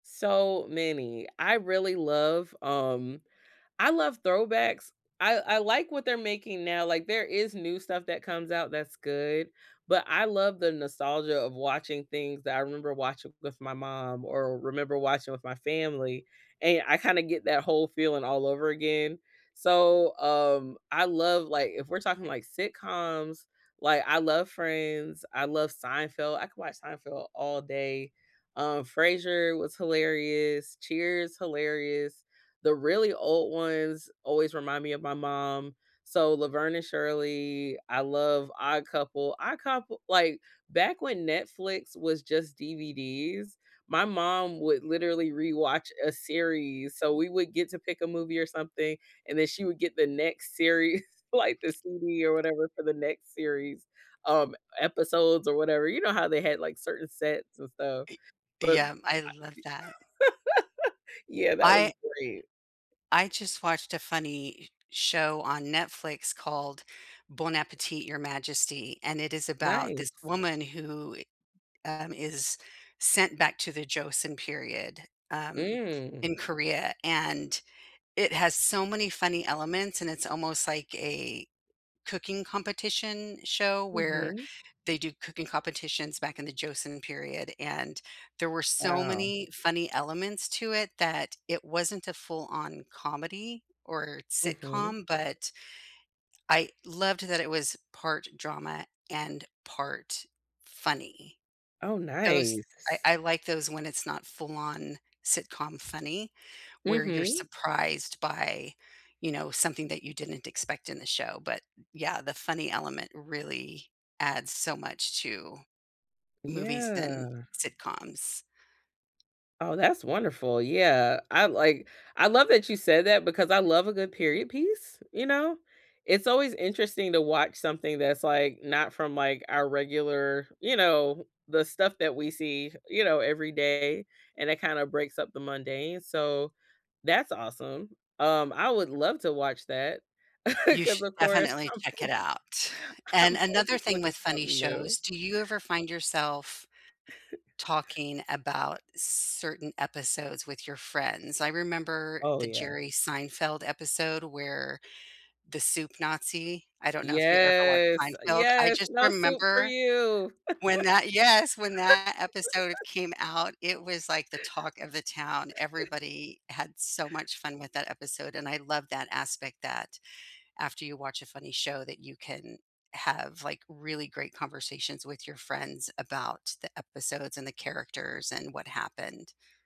So many. I really love, um, I love throwbacks. I I like what they're making now, like there is new stuff that comes out that's good, but I love the nostalgia of watching things that I remember watching with my mom or remember watching with my family, and I kinda get that whole feeling all over again. So, um, I love, like, if we're talking like sitcoms, like, I love Friends. I love Seinfeld. I could watch Seinfeld all day, um, Frasier was hilarious. Cheers, hilarious. The really old ones always remind me of my mom, so Laverne and Shirley, I love Odd Couple. Odd Coup like back when Netflix was just DVDs, my mom would literally rewatch a series, so we would get to pick a movie or something, and then she would get the next series, like the CD or whatever for the next series, um, episodes or whatever. You know how they had like certain sets and stuff, Ee but Yeah, I I love that. Yeah, that was I great. I just watched a funny s show on Netflix called Bon Appetit, Your Majesty, and it is about this Nice. woman who i um, is sent back to the Joseon period, um, Mm. in Korea. And It has so many funny elements and it's almost like a cooking competition show where Mhm. they do cooking competitions back in the Joseon period. And there were so Wow. many funny elements to it that it wasn't a full-on comedy or Mhm. sitcom, but I loved that it was part drama and part funny. Oh, Those I nice. I like those when it's not full-on sitcom funny, where you're Mhm. surprised by, you know, something that you didn't expect in the show. But, yeah, the funny element really adds so much to movies and Yeah. sitcoms. Oh, that's wonderful. Yeah, I like I love that you said that because I love a good period piece, you know, it's always interesting to watch something that's, like, not from, like, our regular, you know, the stuff that we see, you know, every day, and it kinda breaks up the mundane, so that's awesome. Um, I would love to watch that You 'cause should of course definitely I'm check it always out. And I'm another always thing looking with for funny something new. shows do you ever find yourself talking about certain episodes with your friends? I remember Oh, the yeah. Jerry Seinfeld episode where the Soup Nazi I don't know if you ever watched Yes, Seinfeld. I yes! just "No soup for remember you!" when that Yes, when that episode came out, it was like the talk of the town, everybody had so much fun with that episode. And I love that aspect that after you watch a funny show that you can have, like, really great conversations with your friends about the episodes and the characters and what happened.